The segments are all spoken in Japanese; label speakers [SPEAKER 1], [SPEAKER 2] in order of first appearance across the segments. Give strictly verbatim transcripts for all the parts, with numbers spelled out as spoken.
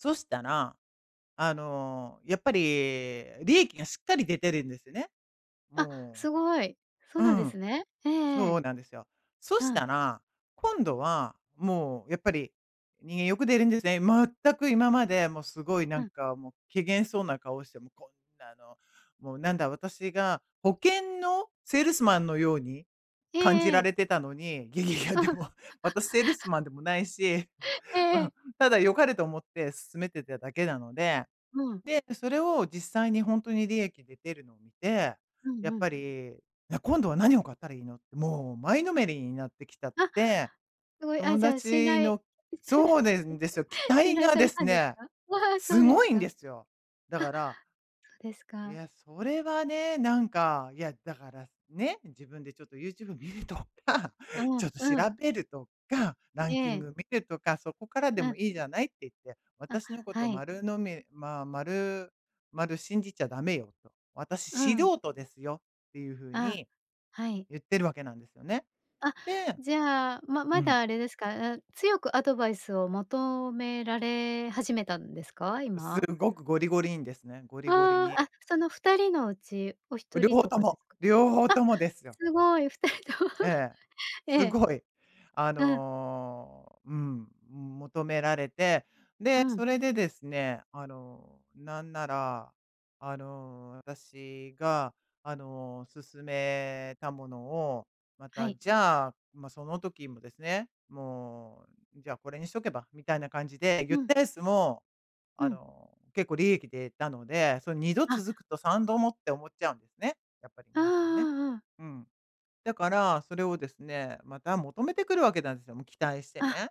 [SPEAKER 1] そしたら、あの、やっぱり利益が、しっかり出てるんですね。
[SPEAKER 2] あ、
[SPEAKER 1] も
[SPEAKER 2] 凄い。そう
[SPEAKER 1] う。う
[SPEAKER 2] なんで
[SPEAKER 1] ん。
[SPEAKER 2] すね。えええ
[SPEAKER 1] そう
[SPEAKER 2] え。
[SPEAKER 1] なんですよ。そし
[SPEAKER 2] うん。
[SPEAKER 1] たら、今度は、もう、やっぱり、人間欲出るんですね。全く、今まで、もう、凄い、な
[SPEAKER 2] う
[SPEAKER 1] ん
[SPEAKER 2] ん。
[SPEAKER 1] か、もう、怪訝そうな顔して、もう、こんなの、もう、なんだ、私が保険のセールスマンのように
[SPEAKER 2] え
[SPEAKER 1] 感じ
[SPEAKER 2] ええ
[SPEAKER 1] ら
[SPEAKER 2] え。
[SPEAKER 1] れてたのに、ゲゲゲ、でも、私セールス マンでもないし、
[SPEAKER 2] ええ
[SPEAKER 1] う
[SPEAKER 2] ええ。
[SPEAKER 1] ん、ただ良かれと思って勧めてただけなので、
[SPEAKER 2] うん。
[SPEAKER 1] で、それを実際にほんとに利益で出るのを見て、
[SPEAKER 2] うん
[SPEAKER 1] や
[SPEAKER 2] う
[SPEAKER 1] っ
[SPEAKER 2] ん。
[SPEAKER 1] ぱり、な、今度は何を買ったらいいのって、もう、前のめりになってきちゃっ
[SPEAKER 2] あ、
[SPEAKER 1] て、
[SPEAKER 2] 凄い。あ、
[SPEAKER 1] 友
[SPEAKER 2] じゃあ、信
[SPEAKER 1] 達
[SPEAKER 2] 頼
[SPEAKER 1] のそうでんですよ、期
[SPEAKER 2] 信
[SPEAKER 1] 待
[SPEAKER 2] 頼
[SPEAKER 1] が
[SPEAKER 2] さ
[SPEAKER 1] で
[SPEAKER 2] れ
[SPEAKER 1] す
[SPEAKER 2] たんです
[SPEAKER 1] ね、
[SPEAKER 2] か？わあ、そうです
[SPEAKER 1] 凄いん
[SPEAKER 2] か。あ、
[SPEAKER 1] で
[SPEAKER 2] そ
[SPEAKER 1] すよ。だから
[SPEAKER 2] うです
[SPEAKER 1] い
[SPEAKER 2] か。
[SPEAKER 1] や、それはね。なんか、いや、だから、ね、自分で、ちょっと、YouTube 見るとか、
[SPEAKER 2] あ
[SPEAKER 1] ち
[SPEAKER 2] あ、
[SPEAKER 1] ょっと、調
[SPEAKER 2] うん。
[SPEAKER 1] べるとか、ラ
[SPEAKER 2] え
[SPEAKER 1] ンキン
[SPEAKER 2] え。
[SPEAKER 1] グ見るとか、そこからで
[SPEAKER 2] うん。
[SPEAKER 1] もいいじゃないって言って、
[SPEAKER 2] あ、
[SPEAKER 1] 私の
[SPEAKER 2] は
[SPEAKER 1] 事
[SPEAKER 2] い。
[SPEAKER 1] 丸呑み、まあ、丸々信じちゃ駄目よ、と。私、
[SPEAKER 2] うん。
[SPEAKER 1] 素人ですよって言う風
[SPEAKER 2] あ、
[SPEAKER 1] に、
[SPEAKER 2] はい。
[SPEAKER 1] 言ってるわけなんですよね。
[SPEAKER 2] あ、
[SPEAKER 1] で
[SPEAKER 2] じゃあ、ま
[SPEAKER 1] う
[SPEAKER 2] ま
[SPEAKER 1] ん。
[SPEAKER 2] だあれですか？う強くアドバイスを求められ始めたんですか？今。
[SPEAKER 1] 凄くゴリゴリにですね、ゴリゴリ
[SPEAKER 2] ああ、
[SPEAKER 1] に。
[SPEAKER 2] あ、その、ふたりのうち、おひと
[SPEAKER 1] 両
[SPEAKER 2] り
[SPEAKER 1] 方
[SPEAKER 2] と
[SPEAKER 1] と
[SPEAKER 2] かで
[SPEAKER 1] も
[SPEAKER 2] か？
[SPEAKER 1] 両方ともです
[SPEAKER 2] あ、
[SPEAKER 1] よ。
[SPEAKER 2] 凄い、ふたりとも、
[SPEAKER 1] ええ。
[SPEAKER 2] ええ。
[SPEAKER 1] 凄い。あ
[SPEAKER 2] うん。
[SPEAKER 1] の、うーん、求められて、
[SPEAKER 2] う
[SPEAKER 1] で、
[SPEAKER 2] ん。
[SPEAKER 1] それでですね。あの、なんなら、あの、私が、あの、勧めたものを、ま
[SPEAKER 2] は
[SPEAKER 1] た、
[SPEAKER 2] い。
[SPEAKER 1] じゃあ、まあ、その時もですね「もう、じゃあ、これにしとけば」みたいな感じで言っ
[SPEAKER 2] うん。
[SPEAKER 1] たやつも、
[SPEAKER 2] う
[SPEAKER 1] あ
[SPEAKER 2] ん。
[SPEAKER 1] の、結構、利益出たので、その、にど
[SPEAKER 2] あ。
[SPEAKER 1] 続くとさんどもって思っちゃうんでね。やっぱり
[SPEAKER 2] ああ
[SPEAKER 1] 皆さんね。
[SPEAKER 2] ああ、うん。
[SPEAKER 1] うん。だから、それをですね、また求めてくるわけなんすよ。もう期待して
[SPEAKER 2] あ、
[SPEAKER 1] ね。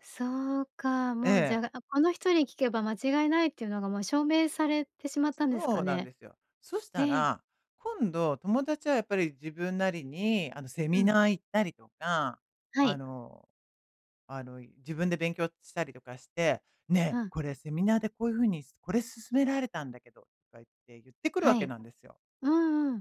[SPEAKER 2] そうか。
[SPEAKER 1] え
[SPEAKER 2] もう、じゃ
[SPEAKER 1] え。
[SPEAKER 2] あ、あ、この人に聞けば間違いないって言うのが、もう、証明されてしまったんです
[SPEAKER 1] そ
[SPEAKER 2] か
[SPEAKER 1] うなん
[SPEAKER 2] ね。
[SPEAKER 1] ですよ。そした
[SPEAKER 2] ええ。
[SPEAKER 1] ら、今度、友達はやっぱり自分なりに、あの、セ
[SPEAKER 2] う
[SPEAKER 1] ミ
[SPEAKER 2] ん。
[SPEAKER 1] ナー行ったりとか、
[SPEAKER 2] は
[SPEAKER 1] あ
[SPEAKER 2] い。
[SPEAKER 1] のあの、い自分で勉強したりとかして
[SPEAKER 2] う
[SPEAKER 1] 「ね、
[SPEAKER 2] ん。
[SPEAKER 1] これセミナーで、こういう風に、すこれ勧められたんだけど」とか言って言ってくるわ
[SPEAKER 2] は
[SPEAKER 1] け
[SPEAKER 2] い。
[SPEAKER 1] なんですよ。
[SPEAKER 2] うんうん。